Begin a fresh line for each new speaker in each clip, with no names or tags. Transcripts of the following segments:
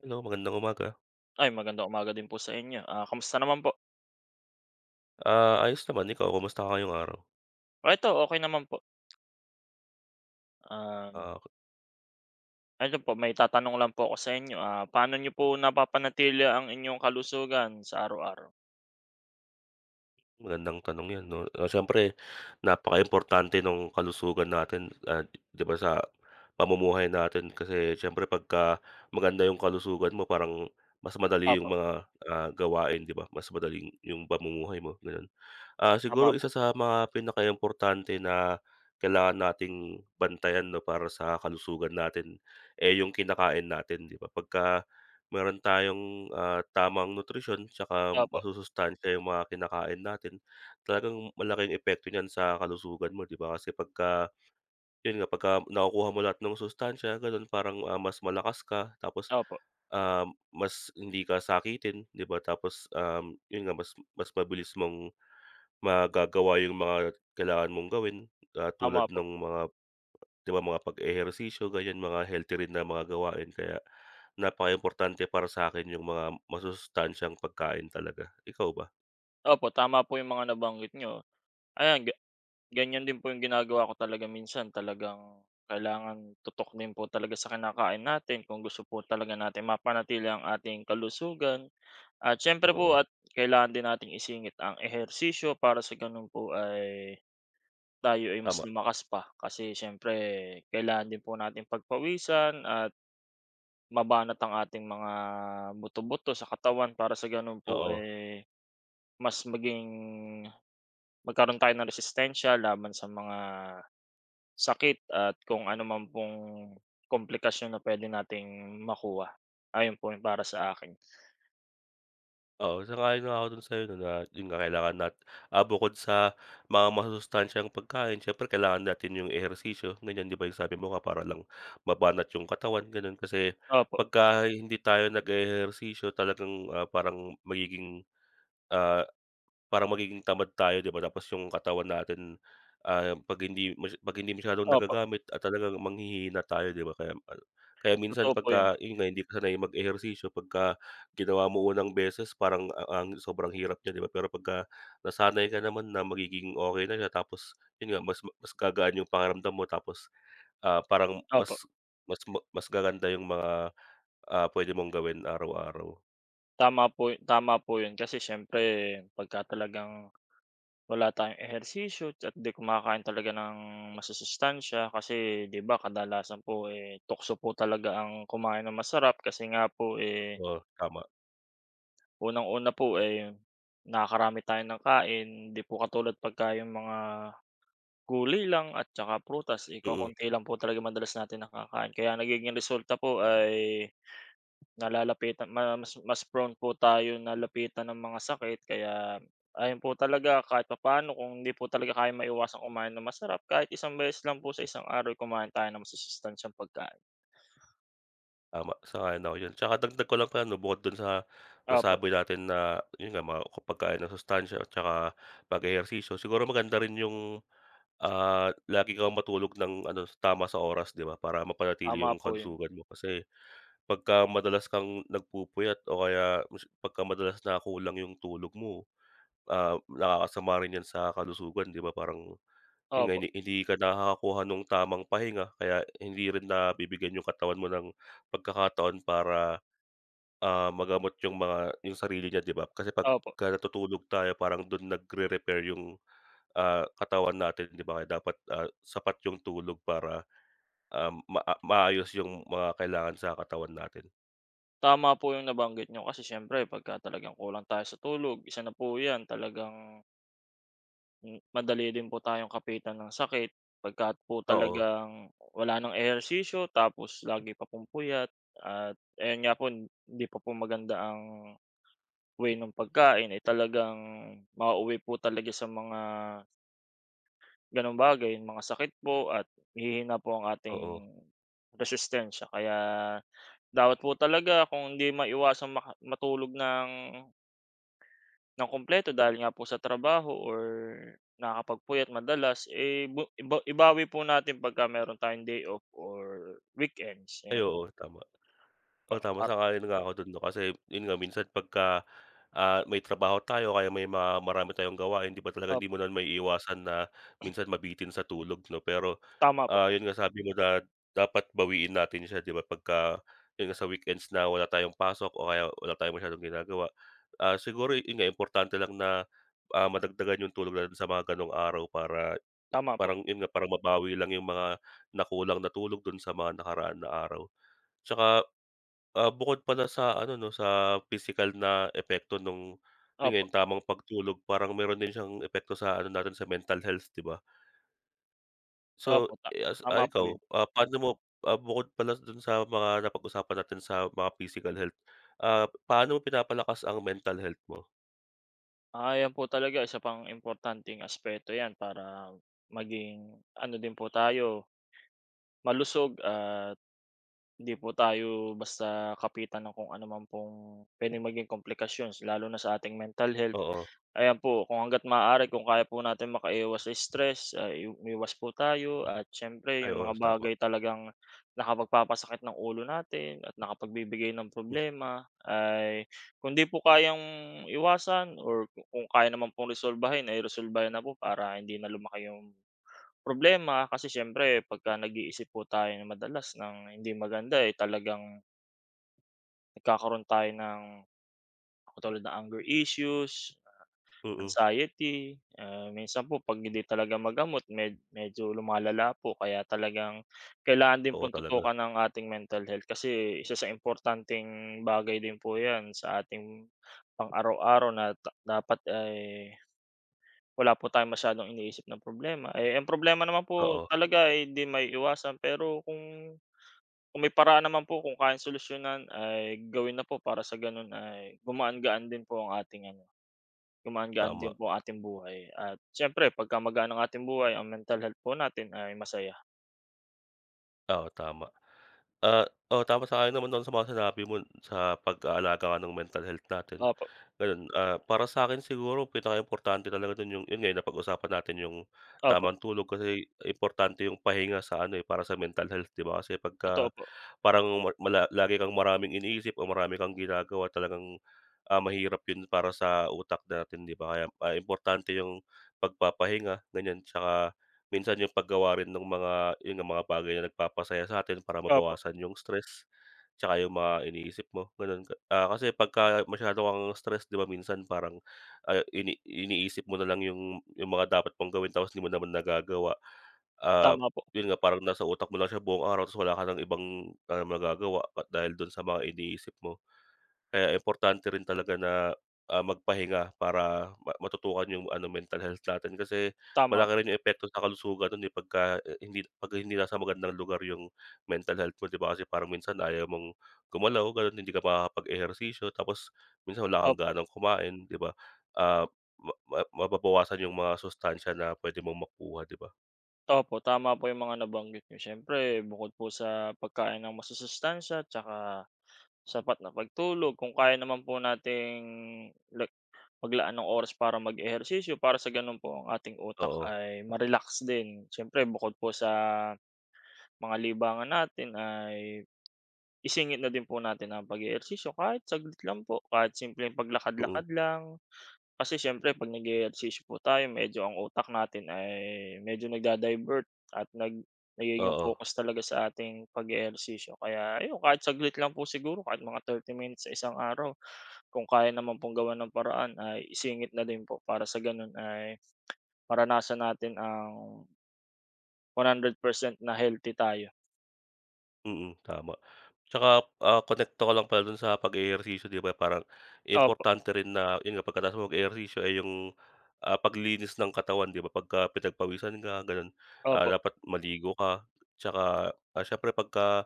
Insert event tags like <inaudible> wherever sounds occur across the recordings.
Hello, magandang umaga.
Ay, magandang umaga din po sa inyo, ah, kamusta naman po?
Ah, ayos naman. Ikaw kamusta ka ngayong araw?
Ito okey naman po. Um.
Ah.
Ano po may itatanong lang po ako sa inyo, ah, paano niyo po napapanatili ang inyong kalusugan sa araw-araw?
Magandang tanong yan 'no, ah, siyempre napaka-importante nung kalusugan natin, ah, 'di ba, sa pamumuhay natin kasi siyempre 'pagka maganda yung kalusugan mo parang mas madali yung
Opo.
mga, ah, gawain 'di ba, mas madali yung pamumuhay mo gano'n. Ah,
Tama
siguro
po.
isa sa mga pinaka-importante na kailangan nating bantayan 'no, para sa kalusugan natin, eh, yung kinakain natin 'di ba? Pagka mayro'n tayong, ah, tamang nutrisyon 'tsaka
Opo.
masusustansya yung mga kinakain natin, talagang malaki ang epekto niyan sa kalusugan mo 'di ba, kasi 'pagka 'yon nga 'pagka nakukuha mo lahat ng sustansiya gano'n parang, ah, mas malakas ka tapos,
Opo.
ah, mas hindi ka sakitin 'di ba. Tapos, um, 'yon nga mas mas mabilis mong magagawa yung mga kailangan mong gawin, ah,
Tama
tulad
po.
nung mga 'di ba, mga pag-ehersisyo ganyan mga healthy rin na mga gawain kaya, napakaimportante para sa 'kin yung mga masusustansyang pagkain talaga. Ikaw ba?
Opo, tama po yung mga nabanggit niyo. Ayan ga ganyan din po yung ginagawa ko talaga minsan talagang kailangan tutok din po talaga sa kinakain natin kung gusto po talaga natin mapanatili ang ating kalusugan. At siyempre po
Oo.
at kailangan din natin isingit ang ehersisyo para sa ganun po ay, tayo ay mas
Tama.
lumakas pa. Kasi siyempre kailangan din po natin pagpawisan at mabanat ang ating mga buto, buto sa katawan para sa ganun po,
Oo.
eh, mas maging magkaroon tayo ng resistensya laban sa mga sakit at kung anuman pong komplikasyon na puwede nating makuha. Ayon po para sa akin.
Oo, sang-ayon nga ako dun sa'yo na lahat yun kakailanganin nat ah, bukod sa mga masusustansyang pagkain siyempre kailangan natin yung ehersisyo ganyan, di ba? Yung sabi mo para lang mabanat yung katawan gano'n, kasi
Opo.
pagka hindi tayo nag-e-ehersisyo talagang, ah, parang magiging, ah, parang magiging tamad tayo, di ba? Tapos yung katawan natin, ah, 'pag hindi 'pag hindi masyadong
Opo.
nagagamit at talagang manghihhina tayo, di ba? Kaya mal kaya minsan
Totoo po 'yun.
'pagka yun nga hindi ka sanay mag-ehersisyo pagka ginawa mo unang beses parang ang sobrang hirap niya, di ba? Pero pagka nasanay ka naman na magiging okey na siya tapos yun nga mas ma mas gagaan yung pakiramdam mo tapos, ah, parang
Opo.
mas mas ma mas gaganda yung mga, ah, puwede mong gawin araw-araw.
Tama po, tama po yun. Kasi siyempre, pagka talagang wala tayong ehersisyo, at di kumakain talaga ng masusustansiya, kasi di ba, kadalasan po eh, tukso po talaga ang kumain ng masarap, kasi nga po, eh.
Oh, tama.
Unang una po, eh, nakakarami tayo ng kain. Di po katulad pagka, yong mga gulay lang, at saka prutas, eh,
Mm.
kokonti lang po talaga madalas natin na kakain. Kaya nagiging resulta po ay nalalapitan ma mas mas prone po tayo na lapitan ng mga sakit. Kaya ayon po talaga, kahit papaano, kung hindi po talaga kayang maiwasang kumain ng masarap, kahit isang beses lang po sa isang araw ay kumain tayo masusustansiyang pagkain.
Tama, sang-ayon ako diyan. Tsaka dagdag ko lang pala, 'no, bukod dun sa
Opo.
nasabi natin na yun nga, mga ko pagkain ng masustansiya at saka mag-ehersisyo. Siguro maganda rin yung ah, lagi kang matulog ng ano, tama sa oras, di ba, para mapanatili
Tama
yung
po yun.
kalusugan mo. Kasi pagka madalas kang nagpupuyat o kaya mas pagka madalas na kulang yung tulog mo, ah, nakakasama rin yan sa kalusugan, di ba? Parang yun nga,
Opo.
hin hindi ka nakakakuha ng tamang pahinga, kaya hindi rin na bibigyan yung katawan mo ng pagkakataon para ah, magamot yung mga yung sarili niya, di ba? Kasi
Opo.
pagka natutulog tayo, parang dun nagre-repair yung ah, katawan natin, di ba? Kaya dapat ah, sapat yung tulog para ah, ma maayos yung mga kailangan sa katawan natin.
Tama po yung nabanggit niyo kasi siyempre pagka talagang kulang tayo sa tulog, isa na po yan talagang hmm, madali din po tayong kapitan ng sakit, pagka po
Oo.
talagang, wala ng ehersisyo tapos lagi pa pong puyat, at ayun nga po, hindi pa po maganda ang, way ng pagkain, eh, talagang mauuwi po talaga sa mga ganong bagay, mga sakit po at hihina po ang
Oo.
ating, resistensya kaya, dapat po talaga kung hindi maiwasang maka matulog ng nang kumpleto dahil nga po sa trabaho or nakakapagpuyat madalas, eh, ba iba ibawi po natin pagka mayro'n tayong day off or weekends,
Ay
ayan.
oo, tama.
Pa
Oh, tama
at
sang-ayon nga ako do'n 'no, kasi 'yon nga minsan pagka, ah, may trabaho tayo kaya may marami tayong gawain di ba, talagang
Op
hindi mo na maiiwasan na, minsan mabitin sa tulog 'no pero,
Tama po.
ah, 'yon nga sabi mo dat dapat bawiin natin siya di ba pagka, 'yon nga sa weekends na wala tayong pasok o kaya wala tayong masyadong ginagawa. Ah, siguro 'yon nga importante lang na, ah, madagdagan yung tulog natin sa mga ganong araw para,
Tama po.
parang 'yon nga parang mabawi lang yung mga nakulang natulog do'n sa mga nakaraan na araw. 'Tsaka, ah, bukod pala sa ano 'no, sa pisikal na epekto nung, 'yon nga
Opo.
yung tamang pagtulog parang mayro'n din siyang epekto sa ano natin sa mental health di ba? So,
Opo, ta
eh, ah,
tama po
ikaw,
'yon.
ah, paano mo, ah, bukod pala doon sa mga napag-usapan natin sa mga physical health, ah, paano mo pinapalakas ang mental health mo?
Ayan po, talaga isa pang importanteng aspeto ‘yan para maging ano din po tayo malusog at hindi po tayo basta kapitan ng kung ano man pong puwedeng maging komplikasyons lalo na sa ating mental health.
Oo.
Ayan po, kung hangga’t maaari, kung kaya po natin makaiwas sa stress, ah, i umiwas po tayo, at siyempre
Ay,
yung
oo,
mga
tama
bagay talagang nakapagpapasakit ng ulo natin at nakapagbibigay ng
Hmm.
problema ay kung hindi po kayang iwasan or ku kung kaya naman pong resolbahin ay resolbahin na po para hindi na lumaki yung problema kasi siyempre pagka nag-iisip po tayo nang madalas ng hindi maganda, eh, talagang nagkakaroon tayo ng katulad ng anger issues,
Mm.
anxiety. Ah, minsan po pag hindi talaga magamot med medyo lumalala po kaya talagang kailangan din
Oo,
pong
talaga
tutukan ang ating mental health. Kasi isa sa importanteng bagay din po ‘yan sa ating pang-araw-araw na ta dapat ay wala po tayong masyadong iniisip na problema. E h, problema naman po
Oo.
talaga ay hindi maiiwasan, pero kung kung may paraan naman po kung kayang solusyonan ay gawin na po para sa gano’n ay gumaan-gaan din po ang ating ano, gumaan-gaan
Tama.
din po ang ating buhay at siyempre pag gumagaan ang ating buhay, ang mental health po natin ay masaya.
Oo, tama. Ah, oo, tama. Sa akin naman dun sa mga sinabi mo sa pag-aalaga nga ng mental health natin,
Opo.
gano’n. Ah, para sa akin siguro pinakaimportante talaga dun yung, yun nga, napag-usapan natin yung
Opo.
tamang tulog. Kasi importante yung pahinga sa ano eh, para sa mental health, ‘di ba? Kasi
Totoo
pagka
po.
parang mul mula, lagi kang maraming iniisip o marami kang ginagawa, talagang, ah, mahirap yun para sa utak natin, ‘di ba? Kaya importante yung pagpapahinga, ganyan, tsaka minsan yung paggawa rin nung mga, yun nga, mga bagay na nagpapasaya sa atin para
Opo.
mabawasan yung stress tsaka yung mga iniisip mo, gano’n. Ah, kasi pagka masyado kang stress, ‘di ba, minsan parang ayo ini iniisip mo nalang yung yung mga dapat mong gawin, tapos di mo naman nagagawa. Ah,
Tama po.
yun nga, parang nasa utak mo lang siya buong araw, tapos wala ka ng ibang, ah, nagagawa at dahil dun sa mga iniisip mo. Kaya importante rin talaga na, ah, magpahinga para ma matutukan yung ano, mental health natin. Kasi
Tama po.
malaki rin yung epekto sa kalusugan nun eh pagka, ah, hindi pagka hindi nasa magandang lugar yung mental health mo, ‘di ba? Kasi parang minsan ayaw mong gumalaw, gano’n, hindi ka makakapag-ehersisyo. Tapos minsan wala kang
Opo.
ganang kumain, ‘di ba? Ah, ma ma mababawasan yung mga sustansya na puwede mong makuha, ‘di ba?
Opo, tama po yung mga nabanggit n'yo. Siyempre, bukod po sa pagkain ng masusustansiya at saka sapat na pagtulog, kung kaya naman po nating like maglaan ng oras para mag-ehersisyo, para sa gano'n po ang ating utak
Oo.
ay ma-relax din. Siyempre, bukod po sa mga libangan natin ay isingit na din po natin ang pag-ehersisyo. Kahit saglit lang po, kahit simpleng
Mm.
paglakad-lakad lang, kasi siyempre, ‘pag nag-e-ehersisyo po tayo, medyo ang utak natin ay medyo nagda-divert at nag nagiging
Oo.
focus talaga sa ating pag-e-ehersisyo. Kaya ayon, kahit saglit lang po siguro kahit mga 30 minutes sa isang araw, kung kaya naman pong gawan ng paraan ay isingit na din po para sa gano'n ay <clicks tongue> maranasan natin ang 100% na healthy tayo.
Mm, tama. Tsaka, ah, konekto ka lang pala dun sa pag-ehersisyo, 'di ba, parang
Opo.
importante rin na yun nga, pagkatapos nag-eehersisyo, eh, yung, ah, paglinis ng katawan, 'di ba? Pagka pinagpawisan ka gano'n, ah,
Opo.
dapat maligo ka. 'Tsaka, ah, siyempre, pagka,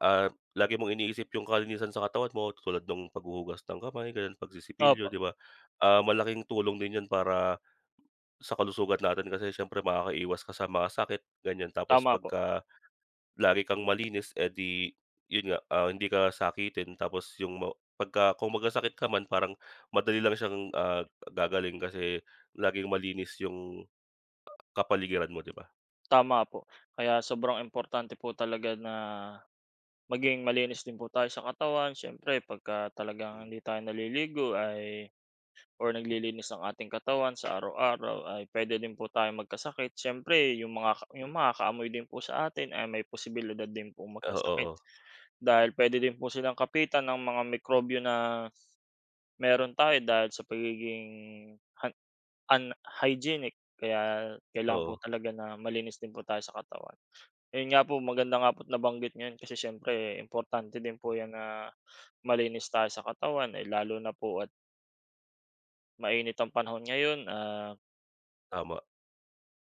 ah, lagi mong iniisip yung kalinisan sa katawan mo, tulad nung paghuhugas ng kamay, gano'n pagsisipilyo,
Opo.
'di ba? Ah, malaking tulong din yun para sa kalusugan natin kasi siyempre, makakaiwas ka sa mga sakit, ganiyan. Tapos
Tama po.
pagka lagi kang malinis, eh, di yun nga, ah, hindi ka sakitin. Tapos yung ma pagka kung magkasakit ka man, parang madali lang siyang, ah, gagaling kasi laging malinis yung kapaligiran mo, di ba?
Tama po. Kaya sobrang importante po talaga na, maging malinis din po tayo sa katawan. Siyempre pagka talagang
Hmm.
hindi tayo naliligo ay or naglilinis ng ating katawan sa araw-araw ay puwede din po tayong magkasakit. Siyempre, yung makaka yung makakaamoy din po sa atin ay may posibilidad din pong magkasakit.
Oo.
Dahil puwede din po silang kapitan ng mga mikrobyo s na meron tayo dahil sa pagiging han unhygienic. Kaya kailangan po
Oo.
talaga na malinis din po tayo sa katawan. Ayun nga po, maganda nga po at nabanggit niyo 'yan kasi siyempre importante din po 'yan na malinis tayo sa katawan, eh, lalo na po at mainit ang panahon ngayon, ah
Tama.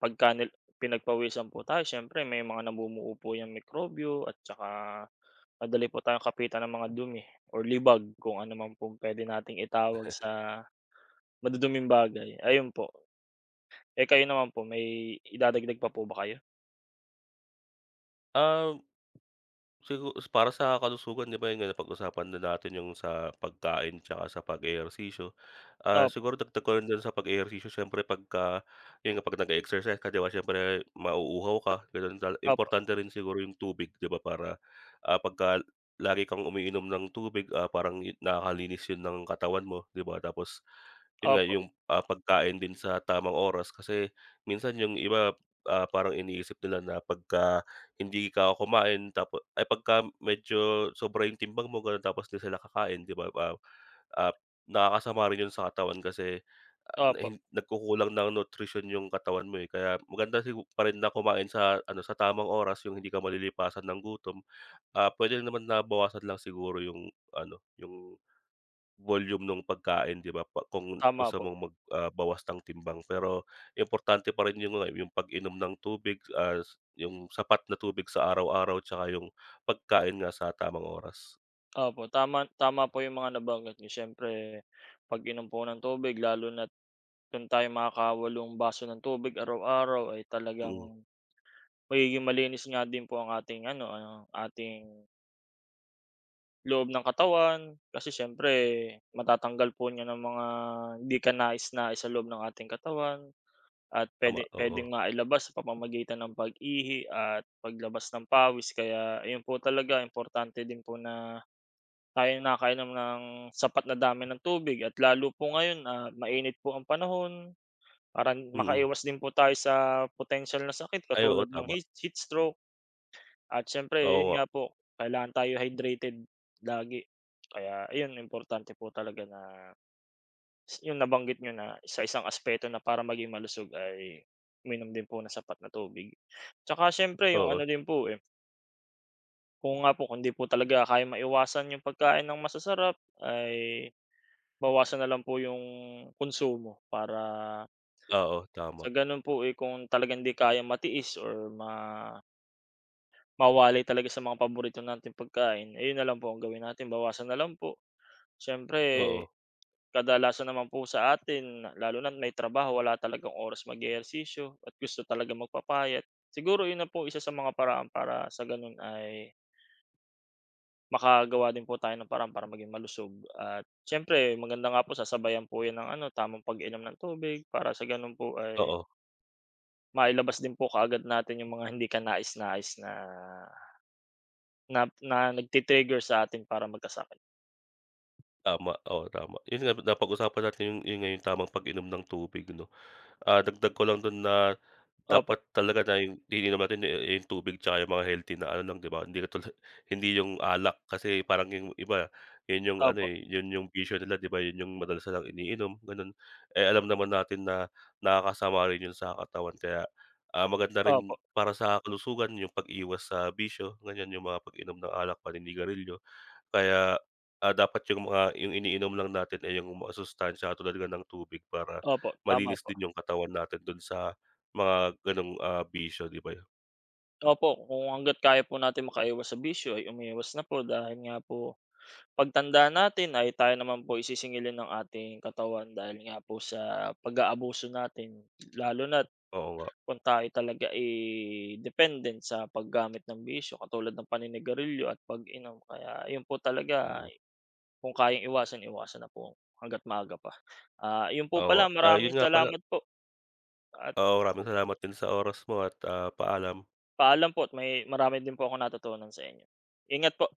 pagka nil pinagpawisan po tayo siyempre may mga namumuo po 'yang mikrobyo at tsaka madali po tayong kapitan ng mga dumi or libag kung ano man pong puwede nating itawag
<chuckles>
sa maduduming bagay, ayun po. Eh, kayo naman po may idadagdag pa po ba kayo?
Um, sigu para sa kalusugan di ba, yun nga, napag-usapan na natin yung sa pagkain tsaka sa pag-eehersisyo, ah,
Opo.
siguro dagdag ko rin do'n sa pag-ehersisyo, siyempre pagka yun nga, 'pag nag-exercise ka, di ba siyempre mauuhaw ka, ganun. Tala
Opo.
importante rin siguro yung tubig, di ba? Para, ah, pagka lagi kang umiinom ng tubig, ah, parang nakakalinis yun ng katawan mo, di ba? Tapos yun nga,
Opo.
yung, ah, pagkain din sa tamang oras. Kasi minsan yung iba, ah, parang iniisip nila na pagka hindi ka kumain tap ay pagka medyo sobra yung timbang mo, ganun, tapos 'di sila kakain, di ba? Ah, ah, nakakasama rin yun sa katawan kasi, ah, na
Opo.
hin nagkukulang ng nutrition yung katawan mo, eh, kaya maganda sigu pa rin na kumain sa ano, sa tamang oras, yung hindi ka malilipasan ng gutom. Ah, pwede naman na bawasan lang siguro yung ano, yung volume no'ng pagkain, di ba? Pa kung
Tama
gusto
po.
mong mag, ah, bawas ng timbang pero importante pa rin yun nga, yung pag-inom ng tubig at yung sapat na tubig sa araw-araw tsaka yung pagkain nga sa tamang oras.
Opo, tama tama po yung mga nabanggit niyo. Siyempre pag-inom po ng tubig lalo na't, kung tayo'y makaka-walong baso ng tubig araw-araw ay
Mm.
talagang magiging malinis nga din po ang ating ano, ang ating loob ng katawan, kasi siyempre matatanggal po niyan ang mga hindi kanais-nais sa loob ng ating katawan at
Tama,
puwede
oo.
puwedeng mailabas sa pamamagitan ng pag-ihi at paglabas ng pawis. Kaya ayon po talaga, importante din po na tayo'y nakakainom ng sapat na dami ng tubig at lalo po ngayon at mainit po ang panahon, parang
Mm.
makaiwas din po tayo sa potensiyal na sakit
Ay, oo,
katulad ng
tama.
hate heat stroke. At
Oo
siyempre yun
nga.
nga po, kailangan tayo hydrated lagi, kaya ayun importante po talaga na Yung nabanggit niyo na sa isang aspeto na para maging malusog ay uminom din po ng sapat na tubig. Tsaka siyempre yung
Oo.
ano din po, eh Oo nga po, kung hindi po talaga kayang maiwasan yung pagkain ng masasarap ay bawasan na lang po yung konsumo para
Oo, tama.
sa gano'n po, eh, kung talagang 'di kayang matiis or ma mawalay talaga sa mga paborito nating pagkain, ayon na lang po ang gawin natin, bawasan na lang po. Siyempre,
Oo.
kadalasan naman po sa atin lalo na may trabaho, wala talagang oras mag-ehersisyo at gusto talagang magpapayat, siguro 'yon na po isa sa mga paraan para sa gano'n ay Makagawa din po tayo ng paraan para maging malusog at siyempre maganda nga po sasabayan po yun ng ano tamang pag-inom ng tubig para sa ganun po ay
Oo.
mailabas din po kaagad natin yung mga hindi kanais-nais na na na nagti-trigger sa atin para magkasakit.
Tama. Oo tama, yung sinabi napag-usapan natin yun, yun nga, yung tamang pag-inom ng tubig 'no. Ah, dagdag ko lang dun na
Opo.
dapat talaga na 'yong iniinom natin eh eh, yung tubig tsaka yung mga healthy na ano lang 'di ba, hindi katula hindi yung alak kasi parang yung iba, yun yung ano,
Opo.
eh, yun yung bisyo nila 'di ba, yun yung madalas nilang iniinom ganun. Eh, alam naman natin na nakakasama rin yun sa katawan kaya, ah, maganda rin
Opo.
para sa kalusugan yung pag-iwas sa bisyo ganyan yung mga pag-inom ng alak, paninigarilyo. Kaya, ah, dapat yung mga yung iniinom lang natin ay yung masustansiya tulad nga ng tubig para
Opo, tama
malinis
po.
din yung katawan natin dun sa mga ganong, ah, bisyo, 'di ba?
Opo. Kung hangga't kaya po natin makaiwas sa bisyo ay umiiwas na po dahil nga po, pagtanda natin ay tayo naman po, eh, isisingilin ng ating katawan dahil nga po sa pag-aabuso natin. Lalo na't,
Oo nga.
kung tayo talaga, eh, dependent sa paggamit ng bisyo katulad ng paninigarilyo at pag-inom kaya iyon po talaga,
Mm.
kung kayang iwasan, iwasan na po hangga't maaga pa. Ah, iyon po
Oo nga.
pala,
Ah, yun
maraming
nga pala.
salamat po. At
Oo. Maraming
ako
salamat din sa oras mo at, ah, paalam.
Paalam po at may marami din po akong natutunan sa inyo. Ingat po.